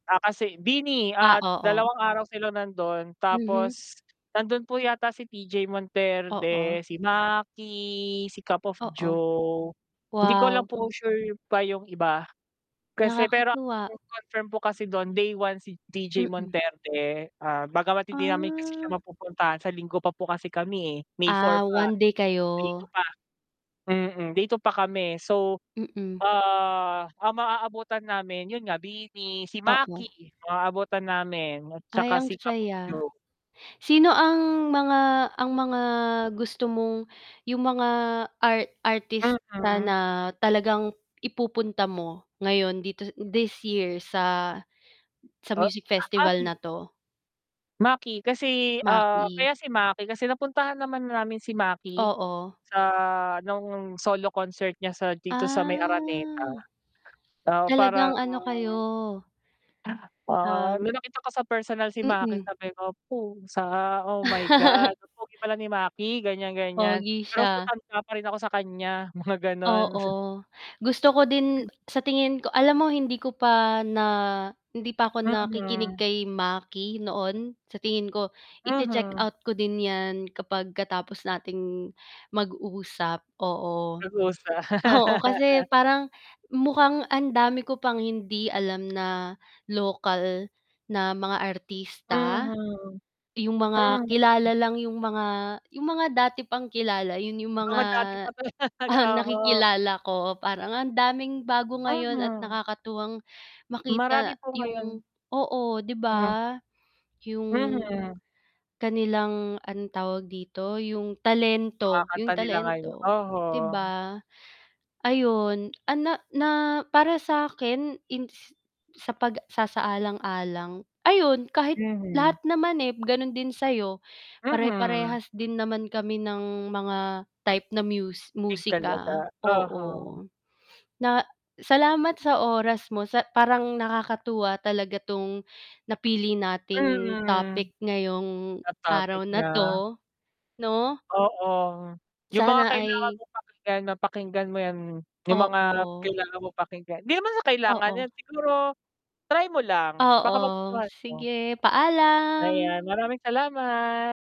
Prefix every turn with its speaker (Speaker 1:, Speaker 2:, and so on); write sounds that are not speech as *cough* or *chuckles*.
Speaker 1: Ah, kasi BINI
Speaker 2: Ah,
Speaker 1: at
Speaker 2: oo.
Speaker 1: dalawang araw sila nandon
Speaker 2: Mhm.
Speaker 1: tapos nandun po yata si TJ Monterde,
Speaker 2: Oo.
Speaker 1: si Maki, si Cup of
Speaker 2: Oo.
Speaker 1: Joe, hindi ko lang
Speaker 2: Wow.
Speaker 1: po sure pa yung iba kasi pero ang
Speaker 2: Nakakatuwa.
Speaker 1: nag-confirm po kasi dun day 1 si TJ
Speaker 2: Mm.
Speaker 1: Monterde, ah, bagamat hindi namin kasi siya
Speaker 2: Ah.
Speaker 1: mapupuntahan sa Linggo pa po kasi kami eh, May 4
Speaker 2: Ah,
Speaker 1: pa,
Speaker 2: 1 day
Speaker 1: day 2
Speaker 2: kayo.
Speaker 1: pa, mm, day 2 pa kami so,
Speaker 2: Mm.
Speaker 1: ah, ang maabutan namin yun nga BINI, si
Speaker 2: Oo.
Speaker 1: Maki maabutan namin at
Speaker 2: Ay
Speaker 1: tsaka
Speaker 2: ang
Speaker 1: si Cup of
Speaker 2: saya.
Speaker 1: Joe.
Speaker 2: Sino ang mga ang mga gusto mong yung mga art artista
Speaker 1: Mm.
Speaker 2: na talagang ipupunta mo ngayon dito, this year sa sa
Speaker 1: Ah,
Speaker 2: music festival
Speaker 1: Maki
Speaker 2: na 'to?
Speaker 1: Maki kasi, ah,
Speaker 2: Maki.
Speaker 1: kaya si Maki kasi napuntahan naman na namin si Maki
Speaker 2: Oo.
Speaker 1: sa nung solo concert niya sa dito sa may Araneta,
Speaker 2: Ah,
Speaker 1: ah,
Speaker 2: talagang
Speaker 1: parang
Speaker 2: ano kayo.
Speaker 1: ah,
Speaker 2: Um
Speaker 1: nung nakita ko sa personal si Maki
Speaker 2: Mm.
Speaker 1: sabi ko, "Pusa, oh my God!
Speaker 2: *laughs*
Speaker 1: Ang pogi pala ni Maki," ganyan-ganyan,
Speaker 2: Pogi
Speaker 1: pero mas
Speaker 2: siya.
Speaker 1: matanda pa rin ako sa kanya mga ganon. *chuckles*
Speaker 2: Oo, gusto ko din, sa tingin ko alam mo, hindi ko pa na hindi pa ako nakikinig
Speaker 1: Mhm.
Speaker 2: kay Maki noon sa tingin ko
Speaker 1: Mhm.
Speaker 2: i-che-checkout ko din 'yan kapag katapos nating mag-usap, oo,
Speaker 1: Nag-usa
Speaker 2: oo, kasi
Speaker 1: *laughs*
Speaker 2: parang mukhang ang dami ko pang hindi alam na lokal na mga artista,
Speaker 1: Mhm.
Speaker 2: yung mga
Speaker 1: Mhm.
Speaker 2: kilala lang yung mga yung mga dati pang kilala yun yung mga
Speaker 1: Mga dati pa talaga, oho.
Speaker 2: nakikilala ko parang ang daming bago ngayon at
Speaker 1: Mhm.
Speaker 2: nakakatuwang
Speaker 1: Marami
Speaker 2: makita
Speaker 1: po
Speaker 2: yung
Speaker 1: ngayon.
Speaker 2: oo, 'di
Speaker 1: Hmm.
Speaker 2: ba? Yung
Speaker 1: Mhm.
Speaker 2: kanilang, anong tawag dito, yung
Speaker 1: Mga
Speaker 2: talento yung
Speaker 1: kanta nila ngayon
Speaker 2: talento
Speaker 1: oho.
Speaker 2: 'di ba, ayun ana na para sakin sa pagsasaalang-alang ayun kahit
Speaker 1: Mhm.
Speaker 2: lahat naman eh, ganun din sa'yo,
Speaker 1: Mhm.
Speaker 2: pare-parehas din naman kami ng mga type na mus
Speaker 1: Big
Speaker 2: musika,
Speaker 1: talaga, oho.
Speaker 2: oo. Na salamat sa oras mo sa parang nakakatuwa talaga 'tong napili nating
Speaker 1: Mm.
Speaker 2: topic ngayong
Speaker 1: Na topic
Speaker 2: araw na
Speaker 1: na.
Speaker 2: 'to, 'no?
Speaker 1: Oo, yung mga
Speaker 2: Sana
Speaker 1: kailangan
Speaker 2: ay
Speaker 1: mong pakinggan, mapakinggan mo yan, yung mga
Speaker 2: Oo.
Speaker 1: kailangan mong pakinggan, 'di naman sa kailangan
Speaker 2: Oo.
Speaker 1: yan, siguro try mo lang baka
Speaker 2: Oo,
Speaker 1: magustuhan mo.
Speaker 2: sige
Speaker 1: Ayan,
Speaker 2: paalam.
Speaker 1: maraming salamat!